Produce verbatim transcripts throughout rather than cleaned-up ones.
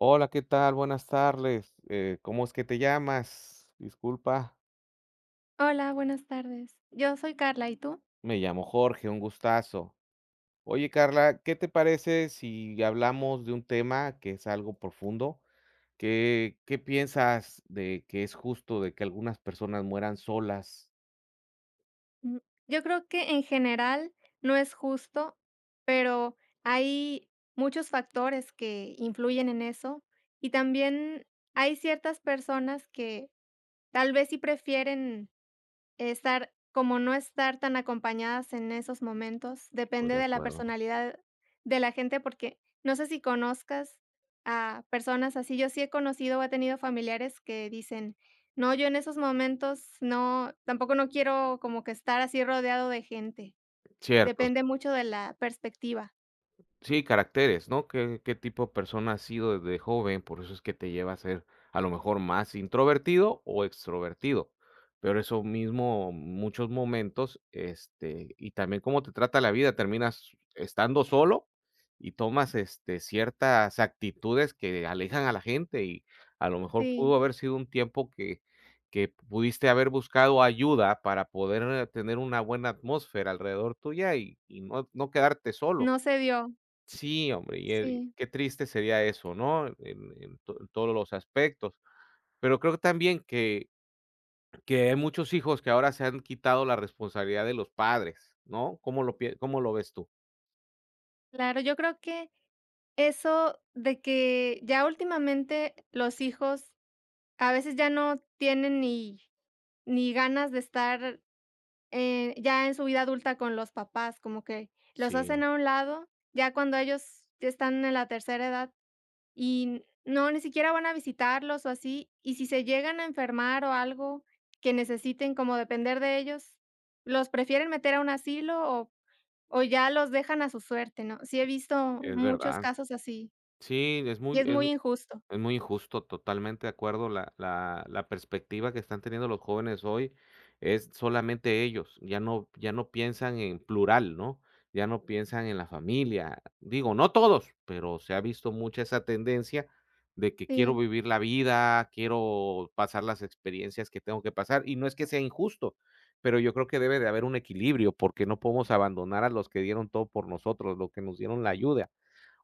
Hola, ¿qué tal?, buenas tarles, eh, ¿cómo es que te llamas?, disculpa. Hola, buenas tardes. Yo soy Karla, ¿y tú? Me llamo Jorge, un gustazo. Oye, Carla, ¿qué te parece si hablamos de un tema que es algo profundo? ¿Qué qué piensas de que es justo de que algunas personas mueran solas? Mm, yo creo que en general no es justo, pero hay muchos factores que influyen en eso, y también hay ciertas personas que, tal vez sí prefieren estar como no estar tan acompañadas en esos momentos, Estoy depende de de la acuerdo. personalidad de la gente, porque no sé si conozcas a personas así, yo sí he conocido o he tenido familiares que dicen: "No, yo en esos momentos no tampoco no quiero como que estar así rodeado de gente", Cierto. depende mucho de la perspectiva. Sí, caracteres, ¿no?, qué qué tipo de persona ha sido de joven, por eso es que te lleva a ser a lo mejor más introvertido o extrovertido, pero eso mismo, muchos momentos, este, y también cómo te trata la vida, terminas estando solo y tomas este ciertas actitudes que alejan a la gente. Y a lo mejor, Sí. pudo haber sido un tiempo que que pudiste haber buscado ayuda para poder tener una buena atmósfera alrededor tuya y y no no quedarte solo. No se dio. Sí, hombre y, eh, Sí. qué triste sería eso, ¿no?, en en to todos los aspectos, pero creo que también que que hay muchos hijos que ahora se han quitado la responsabilidad de los padres, ¿no?, ¿cómo lo pie cómo lo ves tú? Claro, yo creo que, eso de que ya últimamente los hijos a veces ya no tienen ni ni ganas de estar, eh, ya en su vida adulta con los papás, como que los hacen Sí. a un lado, ya cuando ellos ya están en la tercera edad, y no, ni siquiera van a visitarlos o así, y si se llegan a enfermar o algo que necesiten como depender de ellos, los prefieren meter a un asilo o o ya los dejan a su suerte, ¿no?, sí he visto Es muchos verdad. casos así. Sí, es Y muy es es muy injusto. es muy injusto totalmente de acuerdo la la la perspectiva que están teniendo los jóvenes hoy es solamente ellos. Ya no ya no piensan en plural, ¿no?, ya no piensan en la familia. Digo, no todos, pero se ha visto mucha esa tendencia de que quiero Sí. vivir la vida, quiero pasar las experiencias que tengo que pasar. Y no es que sea injusto, pero yo creo que debe de haber un equilibrio porque no podemos abandonar a los que dieron todo por nosotros, los que nos dieron la ayuda.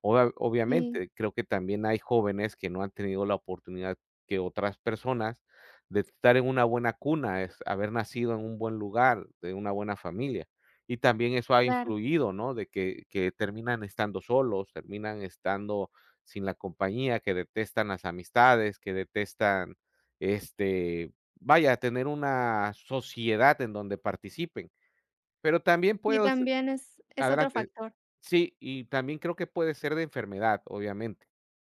Obvia Sí. obviamente, creo que también hay jóvenes que no han tenido la oportunidad que otras personas, de estar en una buena cuna, es haber nacido en un buen lugar, de una buena familia. Y también eso ha Claro. influido, ¿no?, de que que terminan estando solos, terminan estando sin la compañía, que detestan las amistades, que detestan, este, vaya, tener una sociedad en donde participen. Pero también Y puedo s también es es otro Adelante. factor. Sí, y también creo que puede ser de enfermedad, obviamente.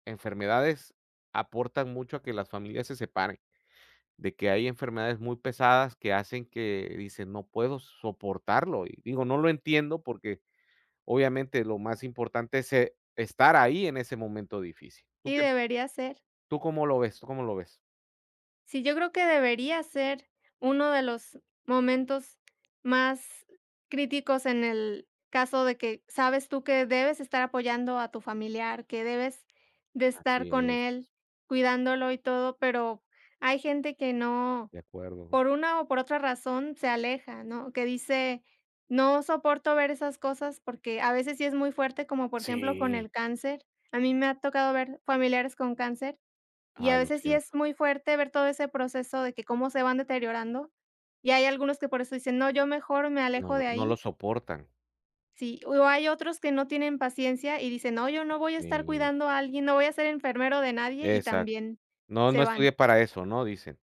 Enfermedades aportan mucho a que las familias se separen. De que hay enfermedades muy pesadas que hacen que, dicen: "No puedo soportarlo" y digo, no lo entiendo porque obviamente lo más importante es, eh, estar ahí en ese momento difícil, ¿tú Sí, qué? debería ser. ¿Tú cómo lo ves? ¿Tú cómo lo ves? Sí, yo creo que debería ser uno de los momentos más críticos en el caso de que, sabes tú que debes estar apoyando a tu familiar, que debes de estar Así con es. él cuidándolo y todo, pero hay gente que no, De acuerdo. por una o por otra razón, se aleja, ¿no?, que dice: "No soporto ver esas cosas", porque a veces sí es muy fuerte, como por ejemplo, con Sí. el cáncer. A mí me ha tocado ver familiares con cáncer, y a Ay, lo veces sí es siento. muy fuerte ver todo ese proceso de que cómo se van deteriorando, y hay algunos que por eso dicen: "No, yo mejor me No alejo lo de no lo ahí". soportan. Sí, o hay otros que no tienen paciencia y dicen: "No, yo no voy a estar Sí. cuidando a alguien, no voy a ser enfermero de nadie", y Exacto. también "No, se no van. estudié para eso", ¿no?, dicen.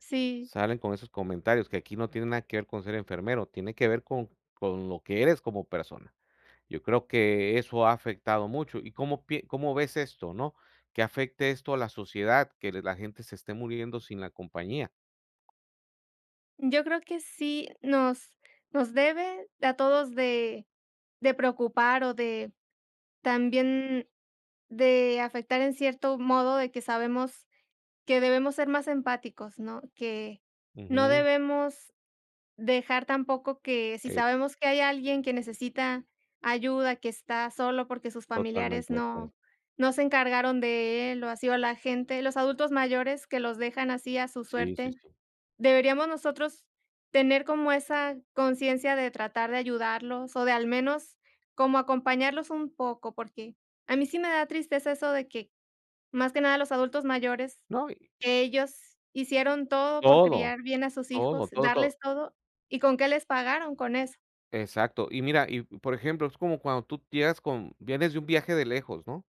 Sí. Salen con esos comentarios que aquí no tiene nada que ver con ser enfermero, tiene que ver con con lo que eres como persona. Yo creo que eso ha afectado mucho, ¿y cómo pie cómo ves esto, no?, que afecte esto a la sociedad, que le la gente se esté muriendo sin la compañía. Yo creo que sí nos nos debe a todos de de preocupar o de también de afectar en cierto modo de que sabemos que debemos ser más empáticos, ¿no? Que no Ujú. debemos dejar tampoco que si Eh sabemos que hay alguien que necesita ayuda, que está solo porque sus familiares Totalmente no acue no se encargaron de él, o así, o a la gente, los adultos mayores, que los dejan así a su Sí, sí, suerte, sí. deberíamos nosotros tener como esa conciencia de tratar de ayudarlos o de al menos como acompañarlos un poco, porque a mí sí me da tristeza eso de que, más que nada, los adultos mayores, No y ellos hicieron todo por Todo. criar bien a sus hijos, Todo, todo, todo. darles todo, y, ¿con qué les pagaron?, con eso. Exacto. Y mira, y por ejemplo, es como cuando tú llegas con vienes de un viaje de lejos, ¿no?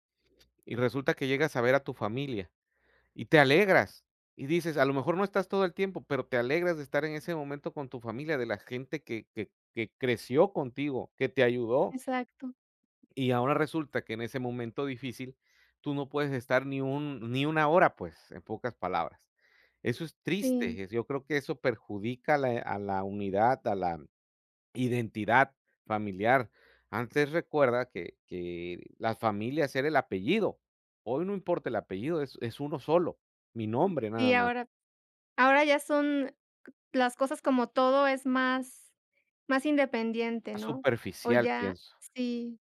Y resulta que llegas a ver a tu familia, y te alegras, y dices a lo mejor no estás todo el tiempo, pero te alegras de estar en ese momento con tu familia, de la gente que que que creció contigo, que te ayudó. Exacto. Y ahora resulta que en ese momento difícil, tú no puedes estar ni un ni una hora, pues, en pocas palabras. Eso es Sí. triste, es yo creo que eso perjudica a le a la unidad, a la identidad familiar. Antes, recuerda que que las familias era el apellido, hoy no importa el apellido, es es uno solo, mi nombre Y nada más. ahora ahora ya son las cosas como todo es más más independiente, Es ¿no? O superficial, ya pienso. Sí.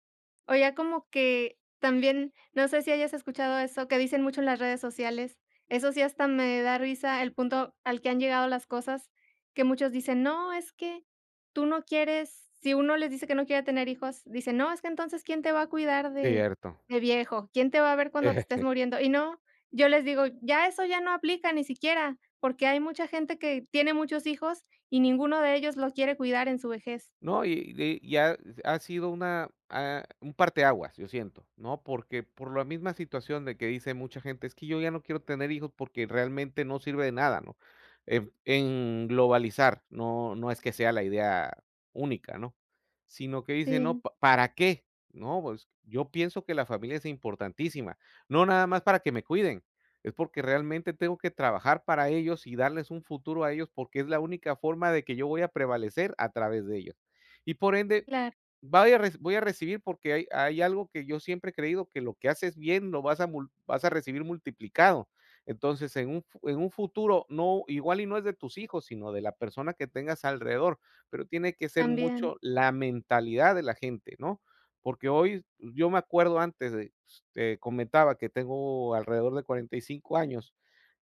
O ya como que también, no sé si hayas escuchado eso que dicen mucho en las redes sociales, eso sí, hasta me da risa el punto al que han llegado las cosas, que muchos dicen, no, es que tú no quieres. Si uno les dice que no quiere tener hijos, dicen: "No, es que entonces, ¿quién te va a cuidar de Cierto. de viejo? ¿Quién te va a ver cuando te estés muriendo?" Y no, yo les digo: "Ya eso ya no aplica, ni siquiera. Porque hay mucha gente que tiene muchos hijos y ninguno de ellos lo quiere cuidar en su vejez". No, y y ya ha sido una, ah, un parte aguas, yo siento, ¿no? Porque, por la misma situación de que dice mucha gente, es que yo ya no quiero tener hijos porque realmente no sirve de nada, ¿no? Eb en globalizar, no, no es que sea la idea única, ¿no? Sino que dicen, no, Sí. ¿pa para qué? No, pues, yo pienso que la familia es importantísima. No nada más para que me cuiden, es porque realmente tengo que trabajar para ellos y darles un futuro a ellos, porque es la única forma de que yo voy a prevalecer a través de ellos. Y por ende, Claro. vaya a re voy a recibir porque hay hay algo que yo siempre he creído, que lo que haces bien lo vas a mul vas a recibir multiplicado. Entonces, en un f en un futuro no, igual y no es de tus hijos, sino de la persona que tengas alrededor, pero tiene que ser También. mucho la mentalidad de la gente, ¿no? Porque hoy, yo me acuerdo antes de te comentaba que tengo alrededor de cuarenta y cinco años,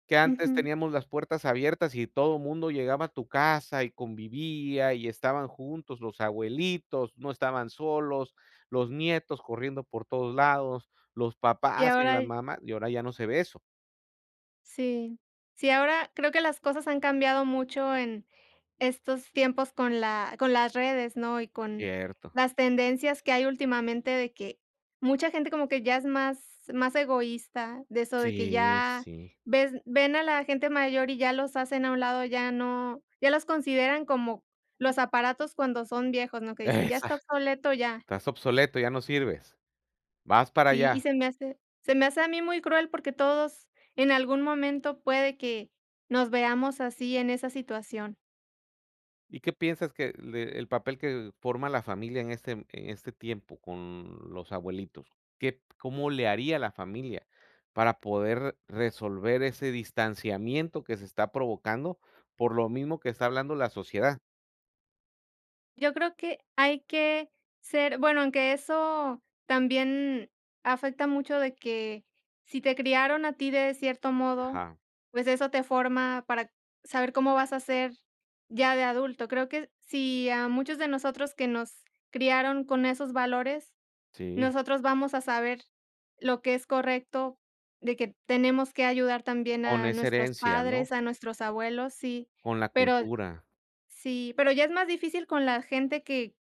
que antes Ujú. teníamos las puertas abiertas y todo mundo llegaba a tu casa y convivía, y estaban juntos, los abuelitos, no estaban solos, los nietos corriendo por todos lados, los Y papás y ahora la y mamá, y ahora ya no se ve eso. Sí. Sí, ahora creo que las cosas han cambiado mucho en estos tiempos con la con las redes, ¿no?, y con Cierto. las tendencias que hay últimamente de que mucha gente como que ya es más más egoísta de eso de que Sí, ya sí. ves ven a la gente mayor y ya los hacen a un lado, ya no ya los consideran como los aparatos cuando son viejos, ¿no? Que dicen, ya Exa está obsoleto, ya. Estás obsoleto, ya no sirves. Vas para Sí, y allá. se me hace se me hace a mí muy cruel, porque todos en algún momento puede que nos veamos así en esa situación. ¿Y qué piensas que le el papel que forma la familia en este en este tiempo con los abuelitos? ¿Qué cómo le haría la familia para poder resolver ese distanciamiento que se está provocando por lo mismo que está hablando la sociedad? Yo creo que hay que ser bueno, aunque eso también afecta mucho de que si te criaron a ti de cierto modo, Ajá. pues, eso te forma para saber cómo vas a ser ya de adulto. Creo que si a muchos de nosotros, que nos criaron con esos valores, Sí. nosotros vamos a saber lo que es correcto, de que tenemos que ayudar también Con a esa nuestros herencia, ¿no? padres, a nuestros abuelos, sí. Con la Pero cultura. Sí. Pero ya es más difícil con la gente que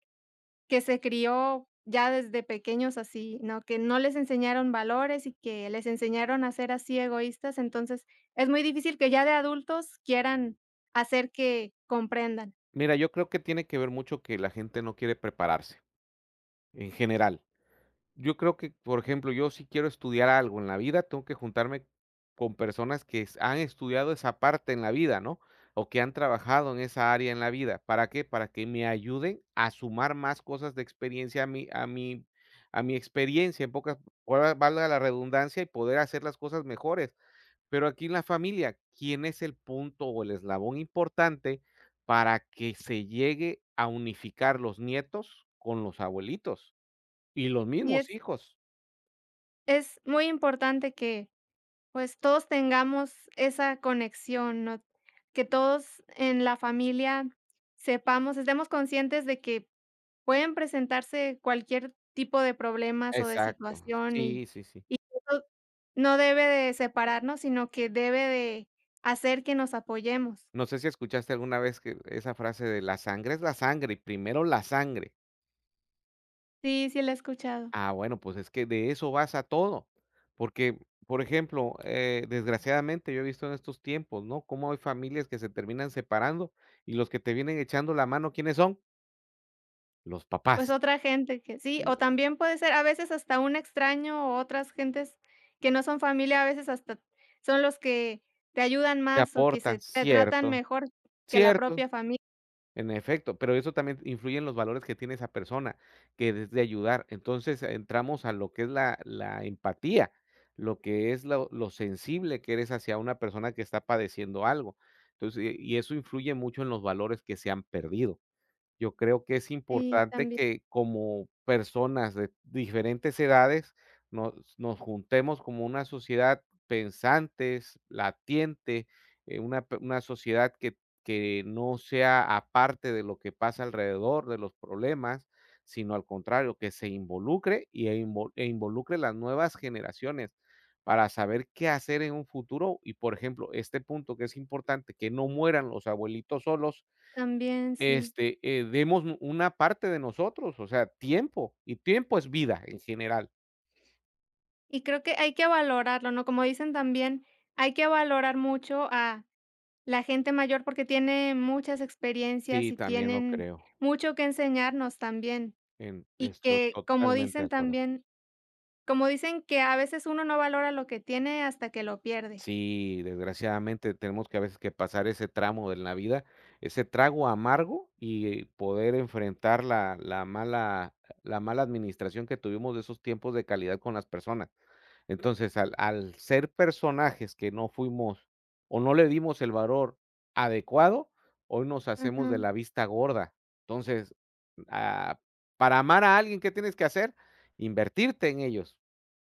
que se crió ya desde pequeños así, ¿no?, que no les enseñaron valores y que les enseñaron a ser así, egoístas. Entonces, es muy difícil que ya de adultos quieran hacer que comprendan. Mira, yo creo que tiene que ver mucho que la gente no quiere prepararse, en general. Yo creo que, por ejemplo, yo si quiero estudiar algo en la vida, tengo que juntarme con personas que han estudiado esa parte en la vida, ¿no?, o que han trabajado en esa área en la vida. ¿Para qué? Para que me ayude a sumar más cosas de experiencia a mi a mi a mi experiencia, en pocas [unintelligible] valga la redundancia, y poder hacer las cosas mejores. Pero aquí en la familia, ¿quién es el punto o el eslabón importante para que se llegue a unificar los nietos con los abuelitos y los Y mismos es hijos? Es muy importante que, pues, todos tengamos esa conexión, ¿no? Que todos en la familia sepamos, estemos conscientes de que pueden presentarse cualquier tipo de problemas o de Exacto. situación, y Sí, sí, sí. y que no no debe de separarnos, sino que debe de hacer que nos apoyemos. No sé si escuchaste alguna vez que esa frase de, la sangre es la sangre. Primero la sangre. Sí, sí la he escuchado. Ah bueno, pues, es que de eso vas a todo, porque, por ejemplo, eh, desgraciadamente yo he visto en estos tiempos, ¿no?, como hay familias que se terminan separando y los que te vienen echando la mano, ¿quiénes son? los Pues, papás. otra gente que sí, o [unintelligible] también puede ser, a veces hasta un extraño o otras gentes que no son familia, a veces hasta son los que te ayudan Te más o que aportan, se te tratan cierto. mejor que la Cierto. propia fami En efecto, pero eso también influye en los valores que tiene esa persona que desee ayudar. Entonces entramos a lo que es la la empatía, lo que es lo lo sensible que eres hacia una persona que está padeciendo algo. Entonces y y eso influye mucho en los valores que se han perdido. Yo creo que es Sí, importante tambi que, como personas de diferentes edades, nos nos juntemos como una sociedad pensantes, latiente, eh una p una sociedad que que no sea a parte de lo que pasa alrededor de los problemas, sino al contrario, que se involucre y e invo e involucre las nuevas generaciones, para saber qué hacer en un futuro, y, por ejemplo, este punto que es importante, que no mueran los abuelitos solos, También, sí. este, eh, demos u una parte de nosotros, o sea, tiempo, y tiempo es vida, en general. Y creo que hay que valorarlo, ¿no? Como dicen también: "Hay que valorar mucho a la gente mayor porque tiene muchas experiencias Sí, y también lo tienen creo. mucho que enseñarnos también". En Y estoy que, como totalmente de dicen acuerdo. también, como dicen que: "A veces uno no valora lo que tiene hasta que lo pierde". Sí, desgraciadamente tenemos que, a veces, que pasar ese tramo en la vida, ese trago amargo y poder enfrentar la la mala la mala administración que tuvimos de esos tiempos de calidad con las personas. Entonces, al al ser personajes que no fuimos o no le dimos el valor adecuado, hoy nos hacemos de Ujú. la vista gorda. Entonces, ah, para amar a alguien ¿qué tienes que hacer? Invertirte en ellos.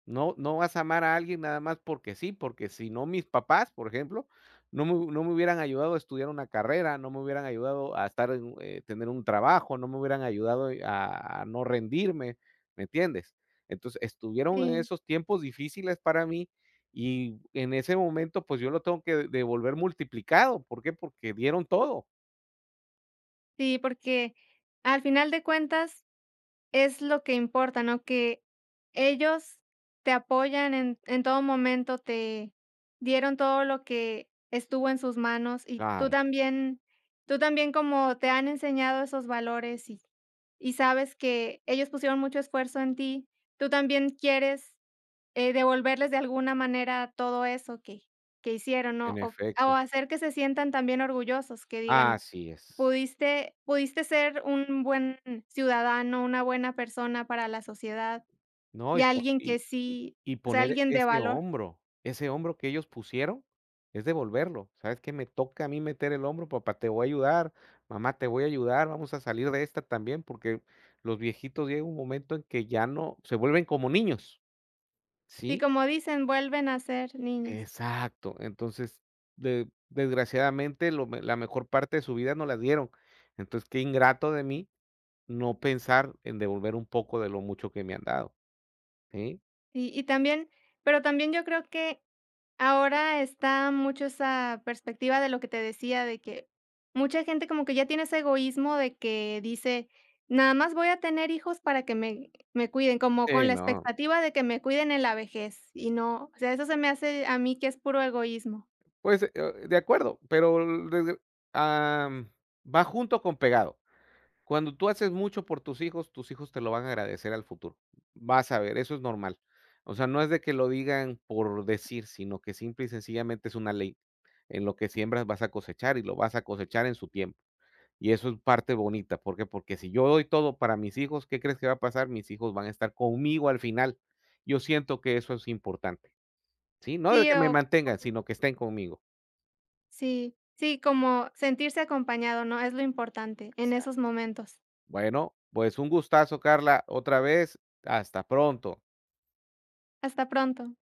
No no vas a amar a alguien nada más porque sí, porque si no mis papás, por ejemplo, no me hu no me hubieran ayudado a estudiar una carrera, no me hubieran ayudado a estar en un eh, tener un trabajo, no me hubieran ayudado y a no rendirme, ¿me entiendes? Entonces, estuvieron en Sí. esos tiempos difíciles para mí y en ese momento, pues, yo lo tengo que devolver multiplicado, ¿por qué? Porque dieron todo. Sí, porque al final de cuentas es lo que importa, ¿no? Que ellos te apoyan en en todo momento. Te dieron todo lo que estuvo en sus manos, y tú Claro. también tú también como te han enseñado esos valores, y y sabes que ellos pusieron mucho esfuerzo en ti, tú también quieres, eh, devolverles de alguna manera todo eso que que hicieron, En ¿no? O o efecto. hacer que se sientan también orgullosos, que digan: Así es. "Pudiste pudiste ser un buen ciudadano, una buena persona para la sociedad, No, y y po alguien que y y sí y O sea, poner alguien de ese valor". hombro. Ese hombro que ellos pusieron, es devolverlo. ¿Sabes qué? Me toca a mí meter el hombro, papá, te voy a ayudar. Mamá, te voy a ayudar, vamos a salir de esta también. Porque, los viejitos llega un momento en que ya no Se vuelven como niños. Y ¿Sí? como dicen, vuelven a ser niños. Exacto. Entonces, de desgraciadamente, lo me la mejor parte de su vida, nos la dieron. Entonces, qué ingrato de mí, no pensar en devolver un poco, de lo mucho que me han dado. Sí. Y y también, pero también yo creo que ahora está mucho esa perspectiva de lo que te decía, de que mucha gente como que ya tiene ese egoísmo de que dice: "Nada más voy a tener hijos para que me me cuiden". Como con Sí, la no. expectativa de que me cuiden en la vejez, y no. O, sea, eso se me hace a mí que es puro egoísmo. Pues, eh, de acuerdo. Pero, [unintelligible] am, va junto con pegado. Cuando tú haces mucho por tus hijos, tus hijos te lo van a agradecer al futuro. Vas a ver, eso es normal. O sea, no es de que lo digan por decir, sino que, simple y sencillamente, es una ley: "En lo que siembras, vas a cosechar, y lo vas a cosechar en su tiempo". Y eso, es parte bonita, ¿por qué? Porque si yo doy todo para mis hijos ¿Qué crees que va a pasar? Mis hijos van a estar conmigo al final. Yo siento que eso es importante, ¿sí? No de Sí. que me O mantengan, o sino que estén conmigo. Sí. Sí, como sentirse acompañado, ¿no? Es lo importante en esos Exacto. momentos. Bueno, pues un gustazo, Carla. Otra vez, hasta pronto. Hasta pronto.